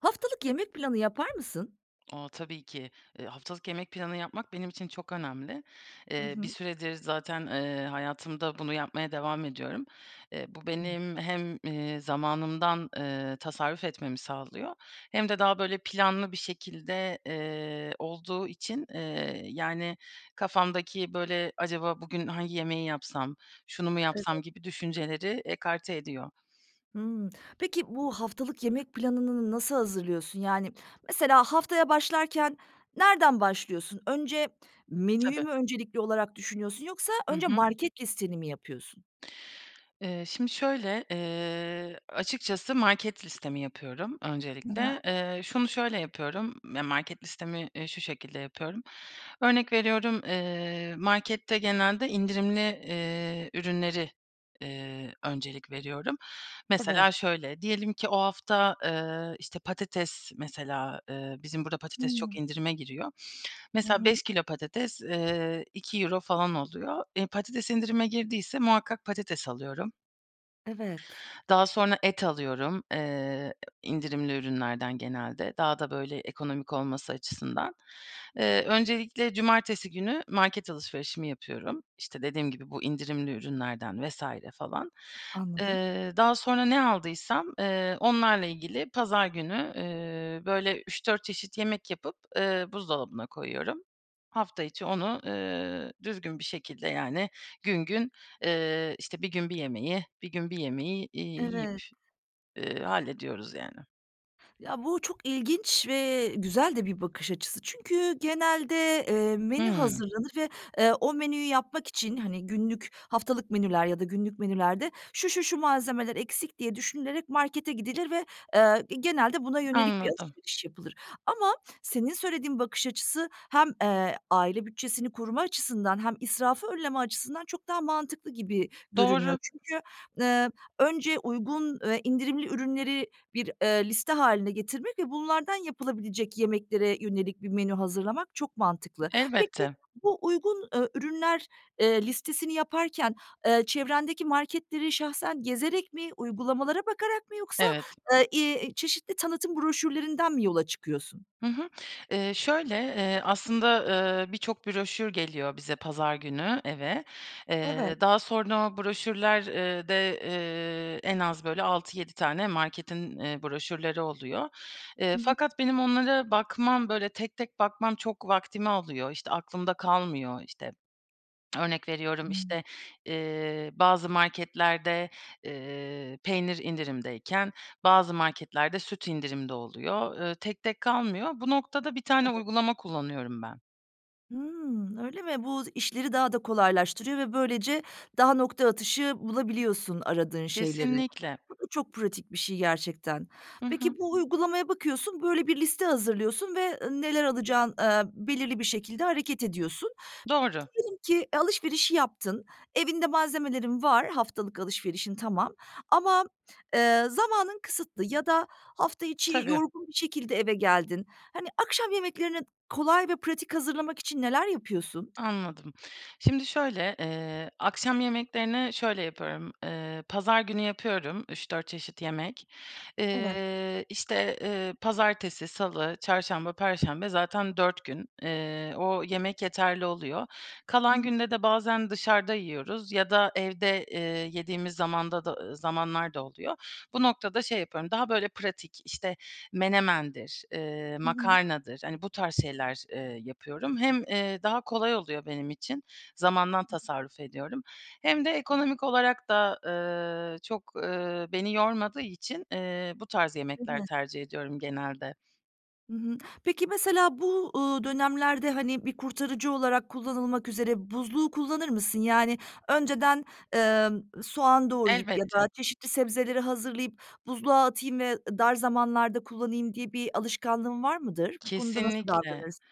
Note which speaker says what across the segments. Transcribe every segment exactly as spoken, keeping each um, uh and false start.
Speaker 1: Haftalık yemek planı yapar mısın?
Speaker 2: A! Tabii ki. Eee, haftalık yemek planı yapmak benim için çok önemli.
Speaker 1: I
Speaker 2: Eee, bir
Speaker 1: hı.
Speaker 2: süredir zaten, eee, hayatımda bunu yapmaya devam ediyorum. Eee, bu
Speaker 1: Hıı.
Speaker 2: benim hem, eee, zamanımdan, eee, tasarruf etmemi sağlıyor hem de daha, böyle, planlı bir şekilde, eee, olduğu için, eee, yani, kafamdaki, böyle, acaba bugün hangi yemeği yapsam, şunu mu
Speaker 1: Evet.
Speaker 2: yapsam gibi düşünceleri ekarte ediyor.
Speaker 1: Hımm, peki, bu haftalık yemek planınını nasıl hazırlıyorsun? Yani, mesela haftaya başlarken nereden başlıyorsun? Önce menüyü
Speaker 2: Tabii.
Speaker 1: mü öncelikli olarak düşünüyorsun yoksa
Speaker 2: Hı
Speaker 1: önce
Speaker 2: hı.
Speaker 1: market listeni mi yapıyorsun?
Speaker 2: Eee, şimdi şöyle, eee, açıkçası market listemi yapıyorum
Speaker 1: Hı hı.
Speaker 2: öncelikle. Eee, şunu şöyle yapıyorum yani market listemi, eee, şu şekilde yapıyorum. Örnek veriyorum, eee, markette genelde indirimli, eee, ürünleri, eee, öncelik veriyorum.
Speaker 1: Evet.
Speaker 2: Mesela şöyle, diyelim ki o hafta, eee, işte, patates mesela, eee, bizim burada patates
Speaker 1: Hıı.
Speaker 2: çok indirime giriyor.
Speaker 1: Hı
Speaker 2: Mesela
Speaker 1: hı.
Speaker 2: beş kilo patates, eee, iki euro falan oluyor. Eee, patates indirime girdiyse muhakkak patates alıyorum.
Speaker 1: Evet.
Speaker 2: Daha sonra et alıyorum, eee, indirimli ürünlerden genelde. Daha da böyle ekonomik olması açısından. Eee, öncelikle cumartesi günü market alışverişimi yapıyorum. İşte, dediğim gibi bu indirimli ürünlerden vs. falan.
Speaker 1: Anladım.
Speaker 2: Eee, daha sonra ne aldıysam, eee, onlarla ilgili pazar günü, eee, böyle üç dört çeşit yemek yapıp, eee, buzdolabına koyuyorum. Hafta içi onu, eee, düzgün bir şekilde yani gün gün, eee, işte, bir gün bir yemeği, bir gün bir yemeği, iii, yiyip,
Speaker 1: Evet.
Speaker 2: ııı, hallediyoruz, yani.
Speaker 1: Ya bu çok ilginç ve güzel de bir bakış açısı. Çünkü genelde, eee, menü
Speaker 2: Hımm.
Speaker 1: hazırlanır ve o menüyü yapmak için, hani, günlük, haftalık menüler ya da günlük menülerde şu, şu, şu malzemeler eksik diye düşünülerek markete gidilir ve, eee, genelde buna yönelik bir
Speaker 2: Anladım.
Speaker 1: alışveriş yapılır. Ama senin söylediğin bakış açısı hem, eee, aile bütçesini koruma açısından hem israfı önleme açısından çok daha mantıklı gibi görünüyor.
Speaker 2: Doğru.
Speaker 1: Çünkü, eee, önce uygun, indirimli ürünleri, eee, bir liste haline getirmek ve bunlardan yapılabilecek yemeklere yönelik bir menü hazırlamak çok mantıklı. Peki,
Speaker 2: Elbette.
Speaker 1: bu uygun, eee, ürünler, eee, listesini yaparken, eee, çevrendeki marketleri şahsen gezerek mi, uygulamalara bakarak mı yoksa,
Speaker 2: Evet.
Speaker 1: eee, iii, çeşitli tanıtım broşürlerinden mi yola çıkıyorsun?
Speaker 2: Hı hı, eee, şöyle, eee, aslında, eee, birçok broşür geliyor bize pazar günü eve.
Speaker 1: Evet.
Speaker 2: Eee, daha sonra o broşürler, eee, de, eee, en az, böyle, altı yedi tane marketin, eee, broşürleri oluyor. Eee,
Speaker 1: Hı hı.
Speaker 2: fakat benim onlara bakmam, böyle, tek tek bakmam çok vaktimi alıyor. İşte, aklımda kalmıyor, işte, örnek veriyorum,
Speaker 1: Hıı.
Speaker 2: işte, eee, bazı marketlerde, eee, peynir indirimdeyken, bazı marketlerde süt indirimde oluyor. Eee, tek tek kalmıyor. Bu noktada bir tane
Speaker 1: Tabii.
Speaker 2: uygulama kullanıyorum ben.
Speaker 1: Hımm, öyle mi? Bu işleri daha da kolaylaştırıyor ve böylece daha nokta atışı bulabiliyorsun aradığın şeyleri.
Speaker 2: Kesinlikle.
Speaker 1: Bu da çok pratik bir şey gerçekten.
Speaker 2: Hı hı.
Speaker 1: Peki, bu uygulamaya bakıyorsun, böyle, bir liste hazırlıyorsun ve, ı neler alacağın, eee, belirli bir şekilde hareket ediyorsun.
Speaker 2: Doğru.
Speaker 1: Diyelim ki alışverişi yaptın, evinde malzemelerin var, haftalık alışverişin tamam. Ama, eee, zamanın kısıtlı ya da hafta içi
Speaker 2: Tabii.
Speaker 1: yorgun bir şekilde eve geldin. Hani, akşam yemeklerini kolay ve pratik hazırlamak için neler yapıyorsun?
Speaker 2: Anladım. Şimdi şöyle, eee, akşam yemeklerini şöyle yapıyorum, eee, pazar günü yapıyorum, üç dört çeşit yemek.
Speaker 1: Evet.
Speaker 2: Eee, işte, eee, pazartesi, salı, çarşamba, perşembe zaten dört gün. Eee, o yemek yeterli oluyor.
Speaker 1: Hı
Speaker 2: Kalan
Speaker 1: hı.
Speaker 2: günde de bazen dışarıda yiyoruz, ya da evde, eee, yediğimiz zamanda da zamanlar da oluyor. Bu noktada şey yapıyorum, daha, böyle, pratik, işte, menemendir, eee,
Speaker 1: Hı hı.
Speaker 2: makarnadır, hani, bu tarz şeyler, eee, yapıyorum. Hem, eee, daha kolay oluyor benim için zamandan
Speaker 1: Hı hı.
Speaker 2: tasarruf ediyorum, hem de ekonomik olarak da, eee, çok, eee, beni yormadığı için, eee, bu tarz
Speaker 1: Değil
Speaker 2: yemekler
Speaker 1: mi?
Speaker 2: tercih ediyorum genelde.
Speaker 1: Hı hı, peki mesela bu, ııı, dönemlerde, hani, bir kurtarıcı olarak kullanılmak üzere buzluğu kullanır mısın? Yani, önceden, ımm, soğan doğrayıp ya da
Speaker 2: Elbette.
Speaker 1: çeşitli sebzeleri hazırlayıp buzluğa atayım ve dar zamanlarda kullanayım diye bir alışkanlığın var mıdır? Bu konuda nasıl
Speaker 2: Kesinlikle.
Speaker 1: davranırsın?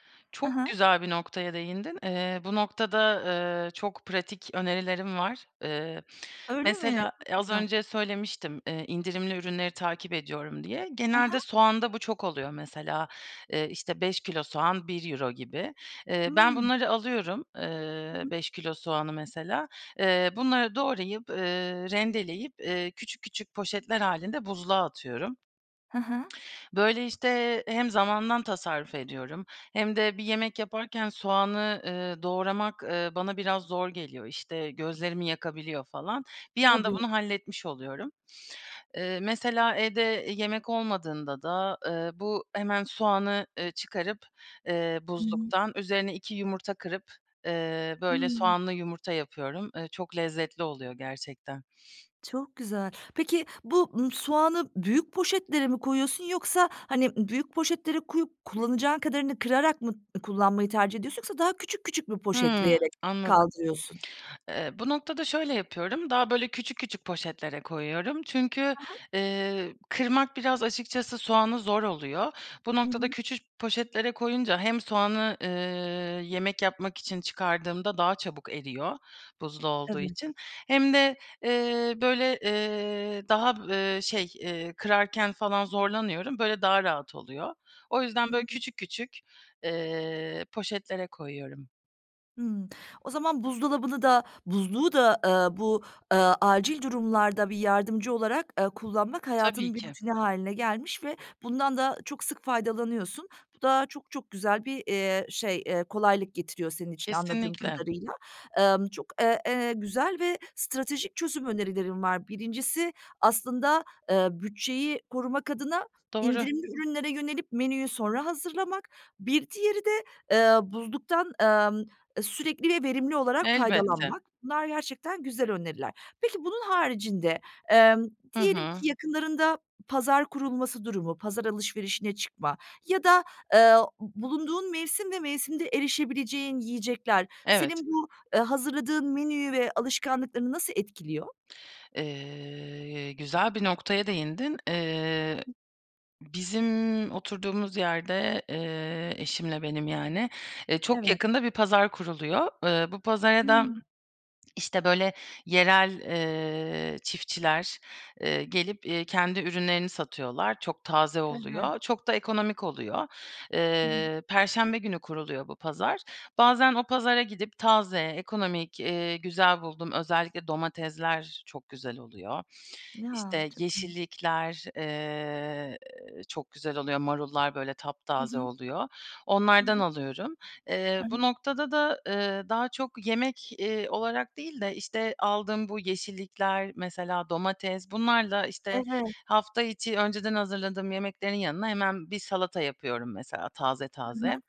Speaker 1: Hı
Speaker 2: Çok
Speaker 1: hı.
Speaker 2: güzel bir noktaya değindin. Eee, bu noktada, eee, çok pratik önerilerim var. Eee,
Speaker 1: Öyle mi?
Speaker 2: mesela,
Speaker 1: Çok
Speaker 2: eee, az
Speaker 1: güzel.
Speaker 2: önce söylemiştim, eee, indirimli ürünleri takip ediyorum diye.
Speaker 1: Hı hı.
Speaker 2: Genelde soğanda bu çok oluyor. Mesela, eee, işte, beş kilo soğan bir euro gibi. Eee, ben
Speaker 1: Iıı.
Speaker 2: bunları alıyorum,
Speaker 1: Hı
Speaker 2: eee,
Speaker 1: hı.
Speaker 2: beş kilo soğanı mesela. Eee, bunları doğrayıp, eee, rendeleyip, eee, küçük küçük poşetler hâlinde buzluğa atıyorum.
Speaker 1: Hı hı.
Speaker 2: Böyle, işte, hem zamandan tasarruf ediyorum hem de bir yemek yaparken soğanı, eee, doğramak, eee, bana biraz zor geliyor, işte, gözlerimi yakabiliyor falan. Bir anda
Speaker 1: Tabii.
Speaker 2: bunu halletmiş oluyorum. Eee, mesela evde yemek olmadığında da, eee, bu hemen soğanı, eee, çıkarıp, eee,
Speaker 1: Hı hı.
Speaker 2: buzluktan üzerine iki yumurta kırıp, eee, böyle,
Speaker 1: Hıı.
Speaker 2: soğanlı yumurta yapıyorum. Eee, çok lezzetli oluyor gerçekten.
Speaker 1: Çok güzel. Peki, bu, ımm, soğanı büyük poşetlere mi koyuyorsun, yoksa, hani, büyük poşetlere koyup kullanacağın kadarını kırarak mı kullanmayı tercih ediyorsun, yoksa daha küçük küçük mü
Speaker 2: Hıı,
Speaker 1: poşetleyerek
Speaker 2: anladım.
Speaker 1: kaldırıyorsun?
Speaker 2: Eee, bu noktada şöyle yapıyorum. Daha, böyle, küçük küçük poşetlere koyuyorum. Çünkü,
Speaker 1: Hı hı.
Speaker 2: eee, kırmak biraz açıkçası soğanı zor oluyor. Bu
Speaker 1: Hı
Speaker 2: noktada
Speaker 1: hı.
Speaker 2: küçük poşetlere koyunca hem soğanı, eee, yemek yapmak için çıkardığımda daha çabuk eriyor buzlu olduğu
Speaker 1: Evet.
Speaker 2: için hem de, eee, böyle, eee, daha b eee, şey, eee, kırarken falan zorlanıyorum, böyle daha rahat oluyor. O
Speaker 1: Hı
Speaker 2: yüzden, böyle,
Speaker 1: hı.
Speaker 2: küçük küçük, eee, poşetlere koyuyorum.
Speaker 1: Imm, o zaman buzdolabını da, buzluğu da, eee, bu, eee, acil durumlarda bir yardımcı olarak, ııı, kullanmak
Speaker 2: Tabii
Speaker 1: hayatının bir
Speaker 2: ki.
Speaker 1: rutini hâline gelmiş ve bundan da çok sık faydalanıyorsun. Bu da çok çok güzel bir, eee, şey, eee, kolaylık getiriyor senin için anladığım
Speaker 2: Kesinlikle.
Speaker 1: kadarıyla. Emm, çok, eee, eee, güzel ve stratejik çözüm önerilerin var. birincisi aslında, eee, bütçeyi korumak adına
Speaker 2: Doğru.
Speaker 1: indirimli ürünlere yönelip menüyü sonra hazırlamak. Bir diğeri de, eee, buzluktan, emm, sürekli ve verimli olarak
Speaker 2: Elbette.
Speaker 1: faydalanmak. Bunlar gerçekten güzel öneriler. Peki, bunun haricinde, emm,
Speaker 2: Hı
Speaker 1: diyelim
Speaker 2: hı.
Speaker 1: ki yakınlarında pazar kurulması durumu, pazar alışverişine çıkma ya da, eee, bulunduğun mevsim ve mevsimde erişebileceğin yiyecekler
Speaker 2: Evet.
Speaker 1: senin bu, eee, hazırladığın menüyü ve alışkanlıklarını nasıl etkiliyor?
Speaker 2: Eee, güzel bir noktaya değindin. Eee,
Speaker 1: [unintelligible]
Speaker 2: bizim oturduğumuz yerde, eee, eşimle benim yani, eee, çok
Speaker 1: Evet.
Speaker 2: yakında bir pazar kuruluyor. Iıı, bu pazara da,
Speaker 1: Hıı.
Speaker 2: işte, böyle, yerel, eee, çiftçiler, eee, gelip, iii, kendi ürünlerini satıyorlar, çok taze
Speaker 1: Evet.
Speaker 2: oluyor, çok da ekonomik oluyor.
Speaker 1: Hıı.
Speaker 2: Eee, perşembe günü kuruluyor bu pazar. Bazen o pazara gidip taze, ekonomik, iii, güzel bulduğum, özellikle domatesler çok güzel oluyor.
Speaker 1: Ya,
Speaker 2: İşte,
Speaker 1: çok iyi.
Speaker 2: yeşillikler, eee, çok güzel oluyor, marullar, böyle,
Speaker 1: Hı
Speaker 2: taptaze
Speaker 1: hı.
Speaker 2: oluyor,
Speaker 1: Hı
Speaker 2: onlardan
Speaker 1: hı.
Speaker 2: alıyorum.
Speaker 1: Hı
Speaker 2: Eee, bu
Speaker 1: hı.
Speaker 2: noktada da, ııı, daha çok yemek, iii, olarak değil de, işte, aldığım bu yeşillikler, mesela domates, bunlarla, işte,
Speaker 1: Evet.
Speaker 2: hafta içi önceden hazırladığım yemeklerin yanına hemen bir salata yapıyorum mesela taze
Speaker 1: Hı hı.
Speaker 2: taze.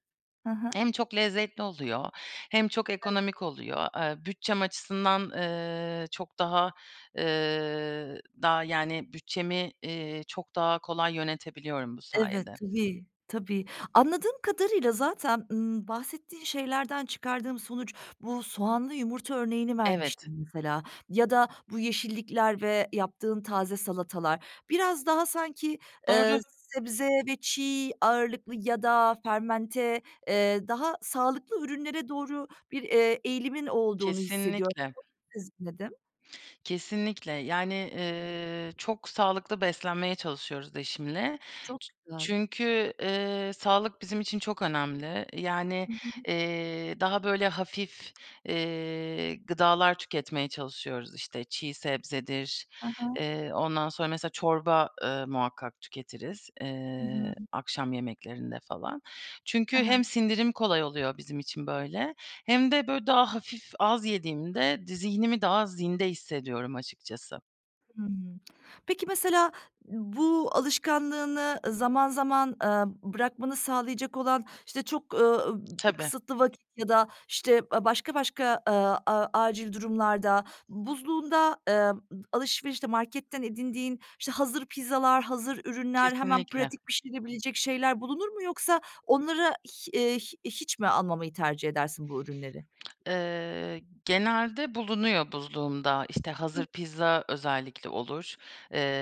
Speaker 1: He he.
Speaker 2: Hem çok lezzetli oluyor hem çok
Speaker 1: Evet.
Speaker 2: ekonomik oluyor. Eee, bütçem açısından, ııı, çok daha, ııı, daha, yani, bütçemi, iii, çok daha kolay yönetebiliyorum bu
Speaker 1: Evet,
Speaker 2: sayede.
Speaker 1: tabii, tabii. Anladığım kadarıyla zaten, ımm, bahsettiğin şeylerden çıkardığım sonuç bu soğanlı yumurta örneğini
Speaker 2: Evet.
Speaker 1: vermiştin mesela ya da bu yeşillikler ve yaptığın taze salatalar. Biraz daha sanki, eee,
Speaker 2: Doğru.
Speaker 1: sebze ve çiğ ağırlıklı ya da fermente, eee, daha sağlıklı ürünlere doğru bir, eee, eğilimin olduğunu hissediyorum.
Speaker 2: Kesinlikle.
Speaker 1: [unintelligible] nedim
Speaker 2: Kesinlikle. Yani, ııı, çok sağlıklı beslenmeye çalışıyoruz eşimle.
Speaker 1: Çok
Speaker 2: Çü
Speaker 1: güzel.
Speaker 2: çünkü, ııı, sağlık bizim için çok önemli. Yani,
Speaker 1: Hı hı.
Speaker 2: eee, daha, böyle, hafif, eee, gıdalar tüketmeye çalışıyoruz. İşte, çiğ sebzedir,
Speaker 1: He he.
Speaker 2: eee, ondan sonra mesela çorba, ııı, muhakkak tüketiriz,
Speaker 1: Hı hı.
Speaker 2: eee, akşam yemeklerinde falan. Çünkü
Speaker 1: He
Speaker 2: hem
Speaker 1: he.
Speaker 2: sindirim kolay oluyor bizim için böyle hem de, böyle, daha hafif, az yediğimde, di zihnimi daha zinde hissediyorum açıkçası.
Speaker 1: Hımm. Peki, mesela bu alışkanlığını zaman zaman, eee, bırakmanı sağlayacak olan, işte, çok, ııı, ıb
Speaker 2: Tabii.
Speaker 1: kısıtlı vakit ya da, işte, a başka başka, aaa, a acil durumlarda, buzluğunda, ııı, alışverişte marketten edindiğin, işte, hazır pizzalar, hazır ürünler, hemen
Speaker 2: Kesinlikle.
Speaker 1: pratik pişirebilecek şeyler bulunur mu? Yoksa onlara hi eee, hi hiç mi almamayı tercih edersin bu ürünleri?
Speaker 2: Iıı, genelde bulunuyor buzluğumda. İşte,
Speaker 1: Hı.
Speaker 2: hazır pizza özellikle olur,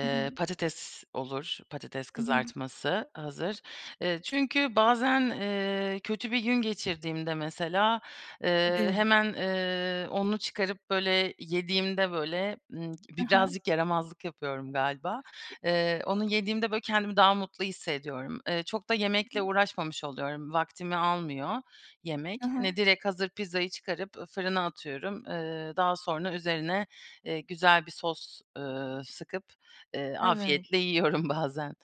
Speaker 1: Hı hı.
Speaker 2: patates olur, patates
Speaker 1: I hı.
Speaker 2: kızartması hazır. Iıı, çünkü bazen, ııı, kötü bir gün geçirdiğimde mesela, ııı,
Speaker 1: Tabii.
Speaker 2: hemen, ııı, onu çıkarıp, böyle, yediğimde, böyle, ımm,
Speaker 1: He
Speaker 2: bi
Speaker 1: he.
Speaker 2: birazcık yaramazlık yapıyorum galiba, ııı, onu yediğimde, böyle, kendimi daha mutlu hissediyorum. Iıı, çok da
Speaker 1: I hı.
Speaker 2: yemekle uğraşmamış oluyorum, vaktimi almıyor
Speaker 1: Hı
Speaker 2: yemek. Hani,
Speaker 1: hı.
Speaker 2: direkt hazır pizzayı çıkarıp fırına atıyorum, ııı, daha sonra üzerine, ııı, güzel bir sos, ııı, sıkıp, ııı,
Speaker 1: Evet.
Speaker 2: afiyetle yiyorum bazen.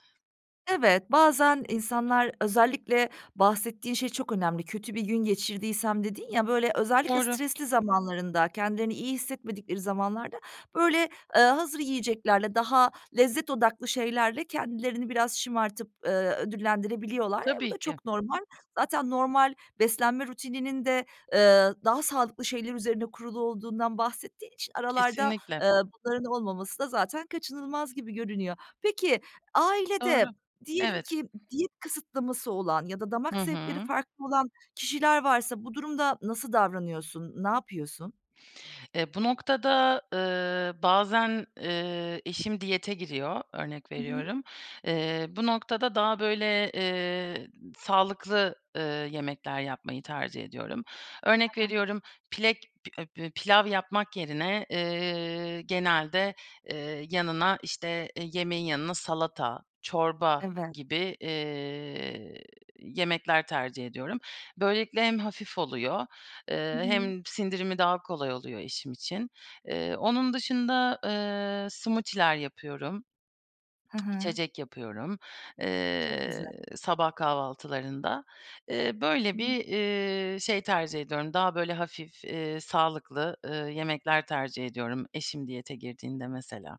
Speaker 1: Evet, bazen insanlar özellikle bahsettiğin şey çok önemli, "Kötü bir gün geçirdiysem." dedin ya, böyle, özellikle
Speaker 2: Doğru.
Speaker 1: stresli zamanlarında, kendilerini iyi hissetmedikleri zamanlarda, böyle, eee, hazır yiyeceklerle, daha lezzet odaklı şeylerle kendilerini biraz şımartıp, ııı, ödüllendirebiliyorlar. E, bu
Speaker 2: Tabii
Speaker 1: da
Speaker 2: ki.
Speaker 1: çok normal. Zaten normal beslenme rutininin de, eee, daha sağlıklı şeyler üzerine kurulu olduğundan bahsettiği için aralarda,
Speaker 2: Kesinlikle.
Speaker 1: eee, bunların olmaması da zaten kaçınılmaz gibi görünüyor. Peki,
Speaker 2: Doğru.
Speaker 1: ailede diyelim
Speaker 2: Evet.
Speaker 1: ki diyet kısıtlaması olan ya da damak
Speaker 2: Hı
Speaker 1: zevkleri
Speaker 2: hı.
Speaker 1: farklı olan kişiler varsa bu durumda nasıl davranıyorsun? Ne yapıyorsun?
Speaker 2: Eee, bu noktada, ııı, bazen, eee, eşim diyete giriyor, örnek
Speaker 1: Hı hı.
Speaker 2: veriyorum. Eee, bu noktada daha, böyle, eee, sağlıklı, ııı, yemekler yapmayı tercih ediyorum.
Speaker 1: Ha
Speaker 2: Örnek
Speaker 1: ha.
Speaker 2: veriyorum, pilek pi e bö pilav yapmak yerine, eee, genelde, eee, yanına, işte, eee, yemeğin yanına salata, çorba
Speaker 1: Evet.
Speaker 2: gibi, eee, yemekler tercih ediyorum. Böylelikle hem hafif oluyor,
Speaker 1: Hı
Speaker 2: eee,
Speaker 1: hı.
Speaker 2: hem sindirimi daha kolay oluyor eşim için. Eee, onun dışında, eee, smoothie'ler yapıyorum,
Speaker 1: Hı hı.
Speaker 2: İçecek yapıyorum,
Speaker 1: Çok güzel.
Speaker 2: eee, sabah kahvaltılarında. Eee, böyle,
Speaker 1: Hı hı.
Speaker 2: bir, iii, şey tercih ediyorum, daha, böyle, hafif, eee, sağlıklı, ııı, yemekler tercih ediyorum eşim diyete girdiğinde mesela.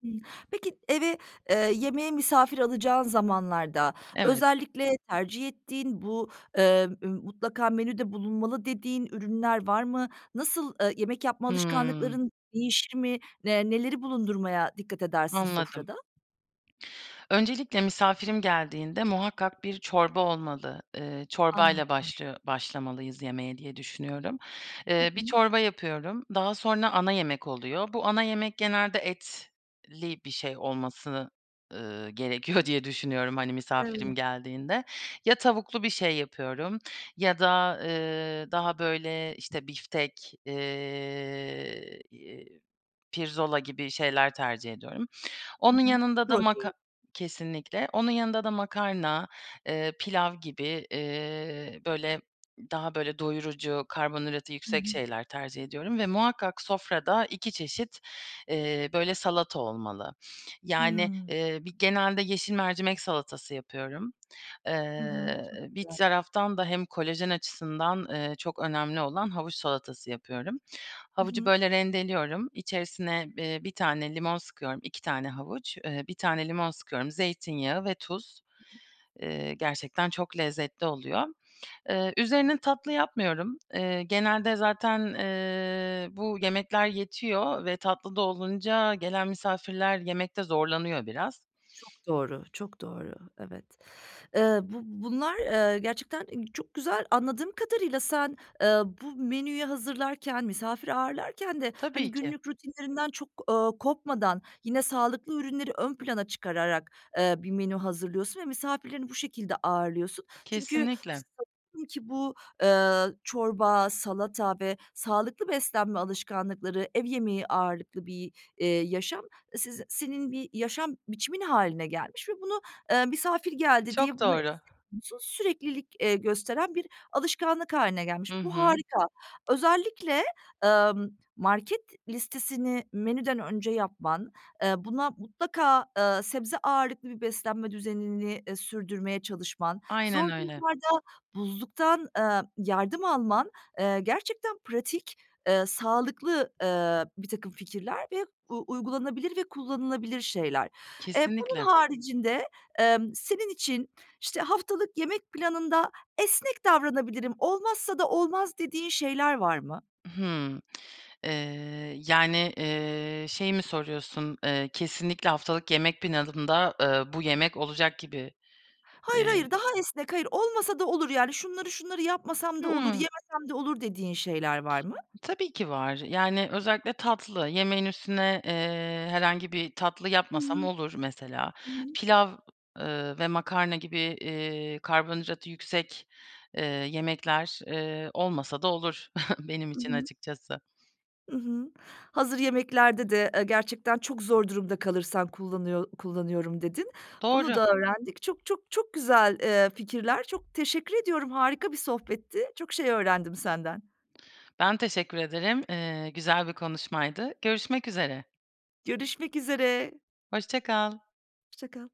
Speaker 1: Hımm, peki eve, eee, yemeğe misafir alacağın zamanlarda,
Speaker 2: Evet.
Speaker 1: özellikle tercih ettiğin, bu, eee, mutlaka menüde bulunmalı dediğin ürünler var mı? Nasıl, eee, yemek yapma
Speaker 2: Hıı.
Speaker 1: alışkanlıkların değişir mi? Eee, neleri bulundurmaya dikkat edersin
Speaker 2: Anladım.
Speaker 1: sofrada?
Speaker 2: Öncelikle misafirim geldiğinde muhakkak bir çorba olmalı. Iıı, çorbayla
Speaker 1: Anladım.
Speaker 2: başlıyo başlamalıyız yemeğe diye düşünüyorum.
Speaker 1: Hı
Speaker 2: Eee, bir
Speaker 1: hı.
Speaker 2: çorba yapıyorum, daha sonra ana yemek oluyor. Bu ana yemek genelde etli bir şey olmasını, ııı, gerekiyor diye düşünüyorum, hani, misafirim
Speaker 1: Evet.
Speaker 2: geldiğinde. Ya tavuklu bir şey yapıyorum ya da, eee, daha, böyle, işte, biftek, eee, pirzola gibi şeyler tercih ediyorum.
Speaker 1: Hı
Speaker 2: Onun
Speaker 1: hı,
Speaker 2: yanında da
Speaker 1: protein.
Speaker 2: maka Kesinlikle. Onun yanında da makarna, eee, pilav gibi, eee, böyle, daha, böyle, doyurucu karbonhidratı
Speaker 1: Hı
Speaker 2: yüksek
Speaker 1: hı.
Speaker 2: şeyler tercih ediyorum. Ve muhakkak sofrada iki çeşit, eee, böyle, salata olmalı. Yani,
Speaker 1: Hıı.
Speaker 2: eee, bir genelde yeşil mercimek salatası yapıyorum.
Speaker 1: I hı,
Speaker 2: Eee,
Speaker 1: çok
Speaker 2: bir
Speaker 1: güzel.
Speaker 2: taraftan da hem kolajen açısından, eee, çok önemli olan havuç salatası yapıyorum.
Speaker 1: I
Speaker 2: Havucu,
Speaker 1: hı.
Speaker 2: böyle, rendeliyorum, içerisine, eee, bir tane limon sıkıyorum. iki tane havuç, eee, bir tane limon sıkıyorum, zeytinyağı ve tuz. Eee, gerçekten çok lezzetli oluyor. Eee, üzerine tatlı yapmıyorum. Eee, genelde zaten, eee, bu yemekler yetiyor ve tatlı da olunca gelen misafirler yemekte zorlanıyor biraz.
Speaker 1: Çok doğru, çok doğru. Evet. Eee, bu bunlar, eee, gerçekten çok güzel. Anladığım kadarıyla sen, eee, bu menüyü hazırlarken, misafir ağırlarken de, hani,
Speaker 2: Tabii ki.
Speaker 1: günlük rutinlerinden çok, ııı, kopmadan, yine sağlıklı ürünleri ön plana çıkararak, eee, bir menü hazırlıyorsun ve misafirlerini bu şekilde ağırlıyorsun. Çünkü
Speaker 2: Kesinlikle.
Speaker 1: sanıyorum ki bu, eee, çorba, salata ve sağlıklı beslenme alışkanlıkları, ev yemeği ağırlıklı bir, eee, yaşam siz senin bir yaşam biçimin hâline gelmiş ve bunu, eee, misafir geldi diye
Speaker 2: Çok
Speaker 1: bunu
Speaker 2: doğru.
Speaker 1: esnetmiyorsun. Süreklilik, eee, gösteren bir alışkanlık hâline
Speaker 2: I
Speaker 1: gelmiş. Bu
Speaker 2: hı.
Speaker 1: harika. Özellikle, ımm, market listesini menüden önce yapman, eee, buna mutlaka, eee, sebze ağırlıklı bir beslenme düzenini, eee, sürdürmeye çalışman,
Speaker 2: Aynen
Speaker 1: zor
Speaker 2: öyle.
Speaker 1: durumlarda buzluktan, eee, yardım alman, eee, gerçekten pratik, eee, sağlıklı, eee, birtakım fikirler ve u uygulanabilir ve kullanılabilir şeyler. Eee, bunun
Speaker 2: Kesinlikle.
Speaker 1: haricinde, emm, senin için, işte, haftalık yemek planında esnek davranabilirim, olmazsa da olmaz dediğin şeyler var mı?
Speaker 2: Hıı. Eee, yani, eee, şeyi mi soruyorsun? Eee, kesinlikle haftalık yemek planında, eee, bu yemek olacak gibi.
Speaker 1: Hayır,
Speaker 2: Eee
Speaker 1: hayır. Daha esnek, hayır. Olmasa da olur, yani, şunları, şunları yapmasam da olur,
Speaker 2: Hıı.
Speaker 1: yemesem de olur dediğin şeyler var mı?
Speaker 2: Tabii ki var. Yani, özellikle tatlı. Yemeğin üstüne, eee, herhangi bir tatlı
Speaker 1: Hı
Speaker 2: yapmasam
Speaker 1: hı,
Speaker 2: olur mesela.
Speaker 1: hı hı.
Speaker 2: Pilav, ııı, ve makarna gibi, eee, karbonhidratı yüksek, eee, yemekler, eee, olmasa da olur benim
Speaker 1: I
Speaker 2: için
Speaker 1: hı.
Speaker 2: açıkçası.
Speaker 1: I hı, hazır yemeklerde de, eee, gerçekten çok zor durumda kalırsan kullanıyor kullanıyorum dedin. Bunu
Speaker 2: Doğru.
Speaker 1: da öğrendik. Çok, çok, çok güzel, eee, fikirler. Çok teşekkür ediyorum, harika bir sohbetti. Çok şey öğrendim senden.
Speaker 2: Ben teşekkür ederim. Eee, güzel bir konuşmaydı. Görüşmek üzere.
Speaker 1: Görüşmek üzere.
Speaker 2: Hoşça kal.
Speaker 1: Hoşça kal.